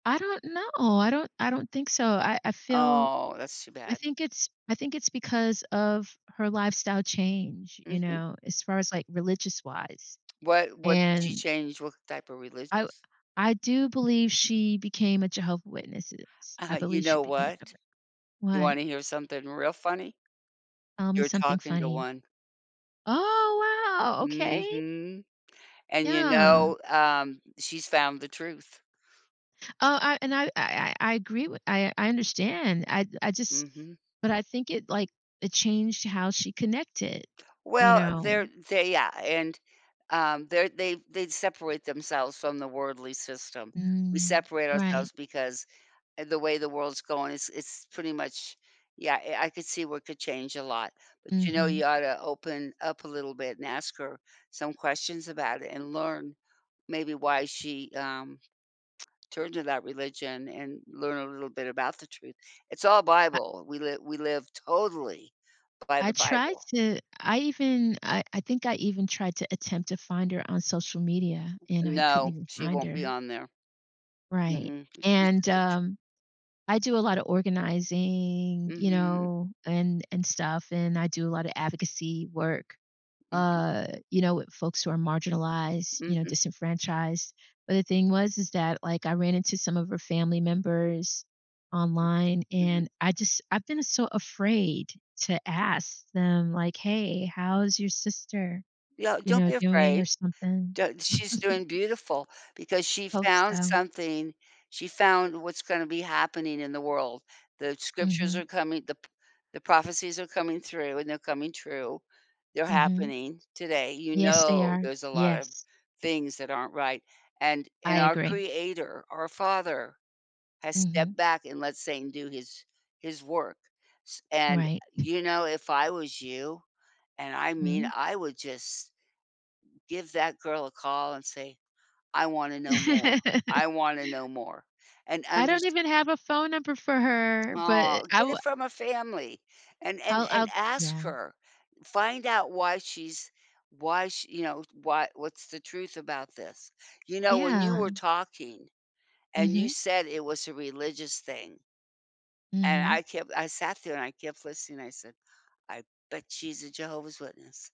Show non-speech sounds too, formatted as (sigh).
I don't know, I don't I don't think so. I I feel Oh, that's too I bad. think it's I think it's because of her lifestyle change, you Mhm. know, as far as, like, religious wise. (tsk) What what did she And change? What type of I w religious? I do believe she became a Jehovah Witnesses. Uh-huh I you believe she know became a what? Jehovah You what? wanna hear something real funny? Tell me You're something talking to funny. one. Oh, wow. Okay. Mhm. And, you Yeah. know, um, she's found the truth. Oh, I and I I I agree with I I understand. I I just Mhm. but I think it, like it changed how she connected. You Well, know? they're they yeah, and, um, they're they they separate themselves from the worldly system. We Mm. separate Right. ourselves, because eh, the way the world's going, it's it's pretty much yeah, eh I could see what could change a lot, but, you know, Mhm. you ought to open up a little bit and ask her some questions about it, and learn maybe why she, um, (tsk) turned to that religion and learn a little bit about the truth. It's all I Bible. We li we live totally by I the tried Bible. to I even I I think I even tried to attempt to find her on social media, and I couldn't No. even She find won't be her. on there. Right. Mm-mm. And, (unintelligible) um, I do a lotta organizing, you Mhm. know, and and stuff, and I do a lotta advocacy work, Mhm. uh, you know, with folks who are marginalized, you know, Mhm. disenfranchised. But the thing was is that, like, I ran into some of her family members online, Mhm. and I just I've been so afraid to ask them, like, "Hey, how's your sister," Yeah, you don't know, be "doing?" or afraid. something. D she's doing (chuckles) beautiful, because she Hope found so. something. She found what's gonna be happening in the world. The scriptures Mhm. are coming, the p the prophecies are coming through, and they're coming true. They're Mhm. happening today. You Yes, they know are. there's a lotta Yes. things that aren't right, and in I our agree. Creator, our Father has Mhm. stepped back and let Satan do his his work, s and, uh, Right. you know if I was you and I mean, Mhm. I would just give that girl a call and say, "I want to know more. I (laughs) want to know more." And I and don't just even have a phone number for her, Aw, but I get it w from a family. And and I'll and I'll yeah. ask her. Find out why she's why she you know, why what's the truth about this. You know when you Yeah. were talking, and you Mhm. said it was a religious thing and I Mhm. kept I sat there and I kept listening I said, "I bet she's a Jehovah's Witness."